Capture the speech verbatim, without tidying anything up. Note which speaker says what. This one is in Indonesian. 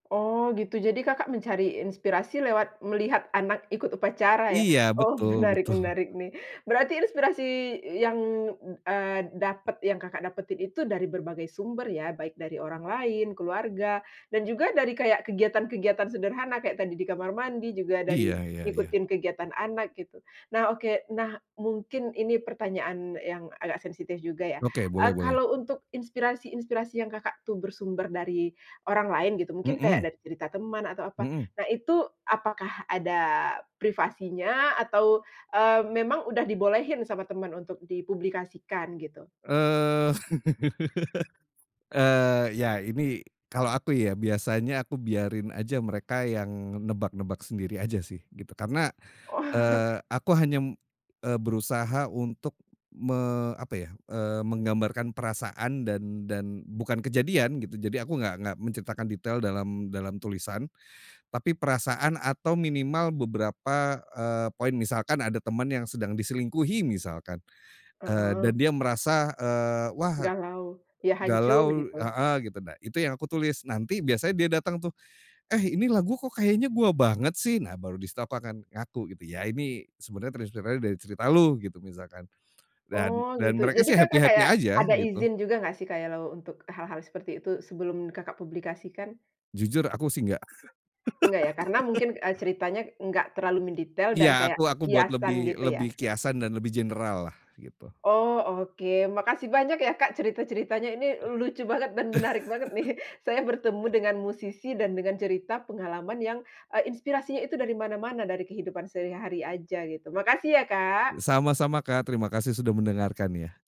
Speaker 1: Oh gitu, jadi Kakak mencari inspirasi lewat melihat anak ikut upacara ya?
Speaker 2: Iya,
Speaker 1: Oh
Speaker 2: betul
Speaker 1: menarik
Speaker 2: betul.
Speaker 1: menarik nih. Berarti inspirasi yang, eee, dapet yang Kakak dapetin itu dari berbagai sumber ya, baik dari orang lain, keluarga dan juga dari kayak kegiatan-kegiatan sederhana, kayak tadi di kamar mandi, juga dari
Speaker 2: Iya iya iya.
Speaker 1: ngikutin kegiatan anak gitu. Nah oke, nah mungkin ini pertanyaan yang agak sensitif juga ya,
Speaker 2: Oke, boleh
Speaker 1: eee,
Speaker 2: boleh.
Speaker 1: kalau untuk inspirasi-inspirasi yang Kakak tuh, bersumber dari orang lain gitu, mungkin kayak
Speaker 2: Mhm.
Speaker 1: cerita teman atau apa.
Speaker 2: Mhm.
Speaker 1: Nah itu apakah ada privasinya atau, eee, memang udah dibolehin sama teman untuk dipublikasikan, gitu?
Speaker 2: Eee eee, ya ini kalau aku ya, biasanya aku biarin aja mereka yang nebak-nebak sendiri aja sih, gitu. Karena,
Speaker 1: Oh.
Speaker 2: eee, aku hanya m eee, berusaha untuk me apa ya, eee, menggambarkan perasaan dan dan bukan kejadian gitu, jadi aku enggak enggak menceritakan detail dalam dalam tulisan. Tapi perasaan atau minimal beberapa, eee, poin, misalkan ada teman yang sedang diselingkuhi misalkan, eee,
Speaker 1: Heeh.
Speaker 2: dan dia merasa, eee, wah
Speaker 1: Galau? Ya hancur
Speaker 2: galau
Speaker 1: gitu?
Speaker 2: heeh, gitu. Nah itu yang aku tulis, nanti biasanya dia datang tuh, "Eh, ini lagu kok, kayaknya gue banget sih?" Nah, baru di situ aku akan ngaku gitu. "Iya, ini sebenernya terinspirasi dari cerita Lu," gitu, misalkan. Dan
Speaker 1: Oh gitu,
Speaker 2: dan mereka
Speaker 1: jadi
Speaker 2: sih
Speaker 1: Kakak
Speaker 2: happy-happy
Speaker 1: kayak
Speaker 2: aja
Speaker 1: ada
Speaker 2: gitu.
Speaker 1: izin juga enggak sih, kayalau untuk e hal-hal seperti itu, sebelum Kakak publikasikan?
Speaker 2: Jujur aku sih, nggak.
Speaker 1: Enggak ya, karena mungkin, eee, ceritanya enggak terlalu mendetail
Speaker 2: Iya,
Speaker 1: dan kayak
Speaker 2: aku aku buat
Speaker 1: kiasan,
Speaker 2: lebih
Speaker 1: gitu ya?
Speaker 2: lebih kiasan dan lebih general lah, gitu.
Speaker 1: Oh oke, makasih banyak ya, Kak, cerita-ceritanya, ini lucu banget dan menarik banget nih. Saya bertemu dengan musisi dan dengan cerita pengalaman yang, eee, inspirasinya itu dari mana-mana, dari kehidupan sehari-hari aja gitu, makasih ya,
Speaker 2: Eee,
Speaker 1: Kak.
Speaker 2: sama-sama Kak, terima kasih sudah mendengarkan ya.